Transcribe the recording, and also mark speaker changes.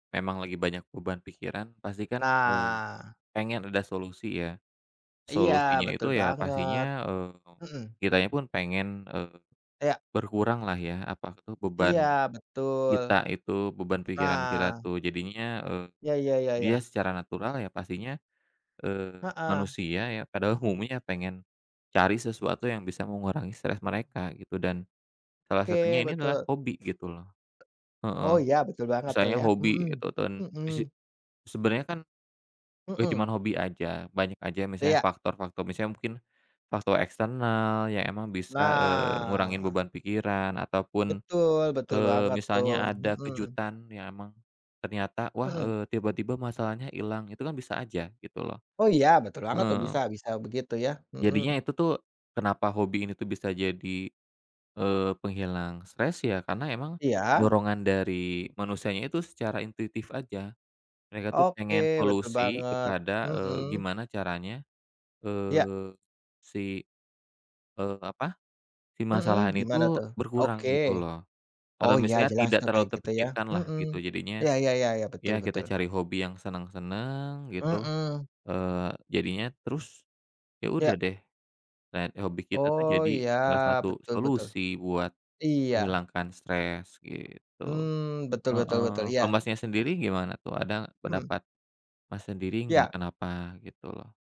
Speaker 1: Memang lagi banyak beban pikiran pasti kan, eee,
Speaker 2: Nah.
Speaker 1: pengen ada solusi ya,
Speaker 2: Iya
Speaker 1: solusinya
Speaker 2: betul
Speaker 1: itu ya
Speaker 2: banget,
Speaker 1: pastinya, eee,
Speaker 2: mhm.
Speaker 1: kitanya pun pengen, eee,
Speaker 2: Iya.
Speaker 1: berkurang lah ya apa itu beban
Speaker 2: Iya betul.
Speaker 1: kita itu, beban pikiran kita
Speaker 2: Nah.
Speaker 1: tuh jadinya, eee,
Speaker 2: Iya iya iya
Speaker 1: dia
Speaker 2: iya.
Speaker 1: secara natural ya pastinya, eee,
Speaker 2: Heeh.
Speaker 1: manusia ya padahal umumnya pengen, cari sesuatu yang bisa mengurangi stres mereka gitu dan, salah satunya
Speaker 2: Oke,
Speaker 1: ini adalah
Speaker 2: betul.
Speaker 1: hobi gitu loh, heeh,
Speaker 2: Oh iya, betul banget tuh
Speaker 1: misalnya
Speaker 2: ya,
Speaker 1: hobi
Speaker 2: mhm,
Speaker 1: itu ten
Speaker 2: mhm.
Speaker 1: mise sebenarnya kan bukan cuma
Speaker 2: Mhm.
Speaker 1: hobi aja, banyak aja misalnya
Speaker 2: Iya.
Speaker 1: faktor-faktor misalnya mungkin, faktor eksternal ya emang bisa, eee, ngurangin
Speaker 2: Nah.
Speaker 1: beban pikiran ataupun,
Speaker 2: Betul, betul
Speaker 1: eee,
Speaker 2: banget tuh,
Speaker 1: misalnya ada
Speaker 2: mhm.
Speaker 1: kejutan ya emang, ternyata wah,
Speaker 2: Mhm.
Speaker 1: eee, tiba-tiba masalahnya ilang itu kan bisa aja gitu loh,
Speaker 2: Oh iya, betul banget tuh,
Speaker 1: heeh.
Speaker 2: bisa bisa begitu ya,
Speaker 1: Jadinya
Speaker 2: mhm.
Speaker 1: itu tuh kenapa hobi ini tuh bisa jadi, eee, penghilang stres ya karena emang,
Speaker 2: Iya.
Speaker 1: dorongan dari manusianya itu secara intuitif aja, mereka tuh pengen
Speaker 2: Oke, betul
Speaker 1: solusi
Speaker 2: banget,
Speaker 1: kepada, eee,
Speaker 2: mhm.
Speaker 1: gimana caranya,
Speaker 2: Ya.
Speaker 1: eee, si, eee, apa, si masalah
Speaker 2: Mhm,
Speaker 1: ini
Speaker 2: gimana
Speaker 1: itu
Speaker 2: tuh? Oke,
Speaker 1: berkurang gitu loh,
Speaker 2: oh
Speaker 1: atau
Speaker 2: ya
Speaker 1: misalnya
Speaker 2: jelas
Speaker 1: tidak
Speaker 2: tuh
Speaker 1: terlalu
Speaker 2: kayak gitu ya,
Speaker 1: terpikirkan lah
Speaker 2: mhm
Speaker 1: gitu, jadinya,
Speaker 2: ,ya ya ya ya, betul
Speaker 1: ya kita
Speaker 2: betul.
Speaker 1: cari hobi yang seneng-seneng gitu,
Speaker 2: Mhm.
Speaker 1: eee, jadinya terus, ya
Speaker 2: Ya.
Speaker 1: udah deh, dan hobi kita tuh
Speaker 2: Oh
Speaker 1: jadi
Speaker 2: ya,
Speaker 1: salah satu
Speaker 2: betul betul.
Speaker 1: solusi buat
Speaker 2: Iya.
Speaker 1: menghilangkan stres gitu,
Speaker 2: Mmm, betul betul
Speaker 1: heeh,
Speaker 2: betul,
Speaker 1: kalau
Speaker 2: iya.
Speaker 1: Masnya sendiri gimana tuh ada gak
Speaker 2: Mhm.
Speaker 1: pendapat, Mas sendiri nggak
Speaker 2: Iya.
Speaker 1: kenapa gitu?